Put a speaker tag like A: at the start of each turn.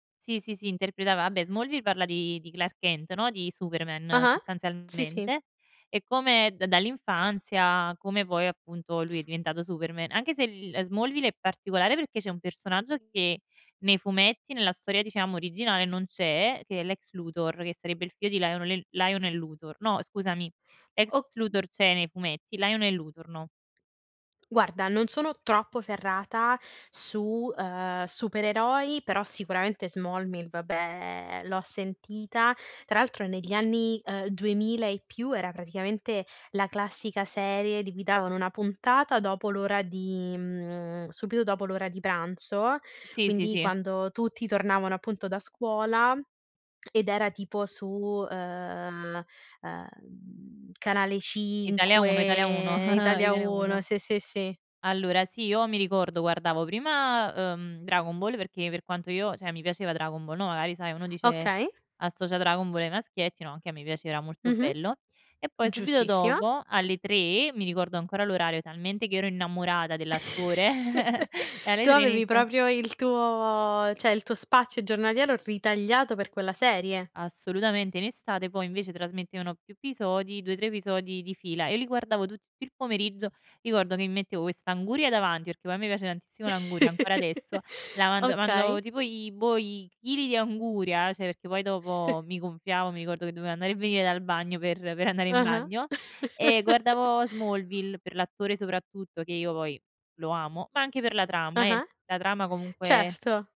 A: Sì, sì, sì, interpretava a beh, "Smallville" parla di di Clark Kent, no, di Superman,
B: Ah-ah, sì, sì.
A: sostanzialmente, e come d dall'infanzia come poi appunto lui è diventato Superman. Anche se l li ehm, Smallville è particolare perché c'è un personaggio che nei fumetti, nella storia diciamo originale non c'è, che è Lex Luthor, che sarebbe il figlio di Lionolel Lionel Luthor no, scusami, Lex
B: O
A: Luthor c'è nei fumetti, Lionel Luthor no.
B: Guarda, non sono troppo ferrata su, ehm, supereroi, però sicuramente "Smallville" vabbè, l'ho sentita. Tra altro negli anni, ehm, 2000 e più era praticamente la classica serie di cui davano 1 puntata dopo l'ora di mhmm, subito dopo l'ora di pranzo,
A: Sì, sì,
B: quindi
A: sì.
B: quando tutti tornavano appunto da scuola, ed era tipo su, ehm, ehm, Canale
A: Italia 1, Italia 1,
B: 5, Italia
A: Italia
B: 1,
A: 1.
B: sì, sì, sì.
A: Allora sì, io mi ricordo guardavo prima, uhm, "Dragon Ball" perché per quanto io cioè, mi piaceva "Dragon Ball", no, magari sai, uno dice
B: Okay.
A: associa "Dragon Ball" ai maschietti no, anche a me piaceva, molto
B: Mh-mh.
A: bello. E poi
B: Mh,
A: subito
B: giustissima.
A: dopo, alle 3:00- mi ricordo ancora l'orario, talmente che ero innamorata dell'attore- e alle
B: Tu
A: 3:00
B: avevi
A: inizia
B: proprio il tuo cioè, il tuo spazio giornaliero ritagliato per quella serie.
A: Assolutamente. In estate poi invece trasmettevano più episodi, 2, 3 episodi di fila. E li guardavo tutt'il pomeriggio: ricordo che mi mettevo quest'anguria davanti, perché poi a me piace tantissimo l'anguria, ancora adesso, la mangia mangiavo
B: Okay.
A: tipo i boh, i chili di anguria, cioè perché poi dopo mi gonfiavo, mi ricordo che dovevo andare e venire dal bagno, per per andare in
B: Ah-ah.
A: bagno, e guardavo "Smallville" per l'attore soprattutto; che io poi lo amo, ma anche per la trama, eh.
B: Ah-ah.
A: La trama, comunque
B: Certo.